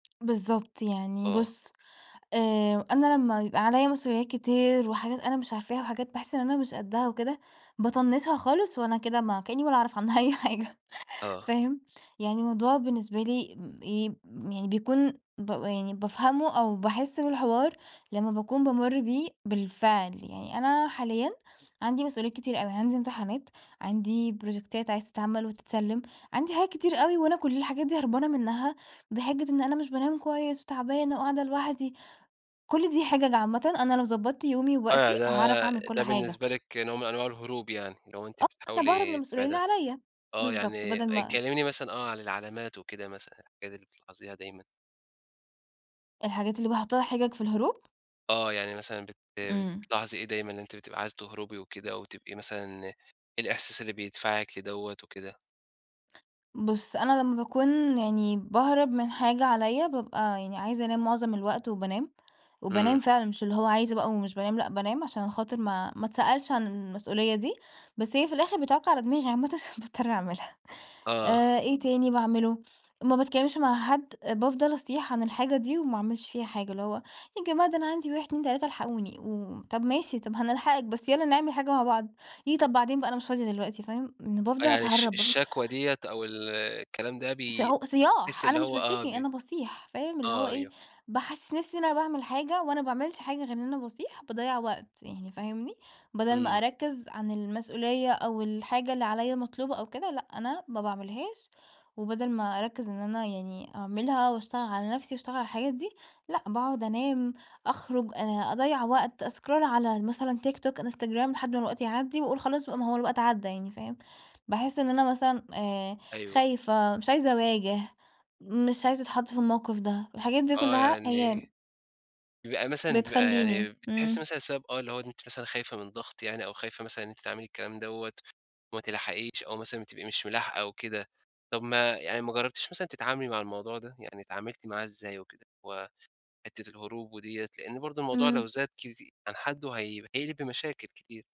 بالضبط، يعني آه. بُصّ آآ، أنا لمّا يبقى عليَّ مسؤوليات كتير وحاجات أنا مش عارفاها وحاجات باحس إن أنا مش قدّها وكده، باطنّشها خالص وأنا كده ما كأني ولا أعرف عنها أي حاجة، آه. فاهم؟ يعني موضوع بالنسبة لي امم إيه م يعني بيكون بابقى يعني بافهمُه أو باحس بالحوار لمّا باكون بامُرّ بيه بالفعل، يعني أنا حاليًا عندي مسؤوليات كتير أوي، عندي امتحانات، عندي بروجيكتات عايزة تتعَمَل وتتسلّم، عندي حاجات كتير أوي، وأنا كُلّ الحاجات دي هربانة منها بحجّة إن أنا مش بانام كويس وتعبانة وقاعدة لوحدي، كُلّ دي حِجَج عامةً، أنا لو ضبَّطت يومي آه، ووقتي، يعني هاعرف ده أعمل كُلّ ده حاجة. بالنسبة لِك نوع من أنواع الهروب يعني، اللي هو أنتِ آه، أنا باهرب من بتحاولي المسؤولية اللي [unintelligible] عليَّ، آه بالضبط، يعني بدل أ ما كلميني مثلًا آه، عن العلامات وكده مثلًا الحاجات اللي بتلاحظيها دايمًا. الحاجات اللي باحُطّها حِجَج في الهروب؟ آه، يعني مثلًا بت إمم. بتلاحظي إيه دايمًا إن أنتِ بتبقى عايزة تهربي وكده، أو تبقي مثلًا إيه الإحساس اللي بيدفعِك لدوَّة وكده؟ بُصّ، أنا لمّا باكون يعني باهرب من حاجة عليَّ بابقى يعني عايزة أنام مُعظم الوقت وبانام، إمم. وبانام فعلًا مش اللي هو عايزة بقى ومش بانام، لأ بانام عشان خاطر ما ما اتسألش عن المسؤولية دي، بس هي في الآخر بتعُكّ على دماغي عامةً باضطر أعملها، آه. آآ، إيه تاني باعملُه؟ ما باتكلّمش مع حد، بافضل أصيح عن الحاجة دي، وما أعملش فيها حاجة، اللي هو يا جماعة ده أنا عندي 1 2 3 الحقوني، وطَب ماشي، طَب هنلحقك بس يلّا نعمل حاجة مع بعض، ييه طَب بعدين بقى أنا مش فاضية دلوقتي، فاهم؟ إن آه، بافضل يعني الش أتهرّب، بافضل الشكوى ديَّة أو ال الكلام ده ص بي هو بتحسي صياح أنا اللي مش هو آه، باشتكي بي أنا باصيح فاهم، اللي هو آه إيه، أيوه. باحسِّس نفسي إن أنا باعمل حاجة وأنا ما باعملش حاجة غير إن أنا باصيح، باضيّع وقت يعني فاهمني، بَدَل ما إمم. أركّز عن المسؤولية أو الحاجة اللي عليَّ مطلوبة أو كده لأ أنا ما باعملهاش، وبَدَل ما أركّز إن أنا يعني أعملها وأشتغل على نفسي وأشتغل على الحاجات دي، لأ باقعد أنام أخرُج أ أضيّع وقت، أسكرول على مثلًا TikTok Instagram لحد ما الوقت يعدّي وأقول خلاص بقى ما هو الوقت عدّى يعني، فاهم، باحس إن أنا مثلًا آآ، أيوه. خايفة، مش عايزة أواجه، مش عايزة أتحَطّ في الموقف ده، الحاجات دي آه، كُلّها هي يعني بيبقى مثلًا بيبقى يعني بتخليني، بتحسي إمم. مثلًا السبب آه اللي هو ده أنتِ مثلًا خايفة من ضغط يعني أو خايفة مثلًا إن أنتِ تعملي الكلام دوَّة، وما تلحقيش أو مثلًا بتبقي مش ملاحقة أو كده، طَب ما يعني ما جربتيش مثلًا تتعاملي مع الموضوع ده، يعني اتعاملتِ معاه إزاي وكده؟ وحتّة الهروب وديَّة لإن برضه الموضوع لو إمم. زاد كتي عن حدُّه هي هيقلب بمشاكل كتير.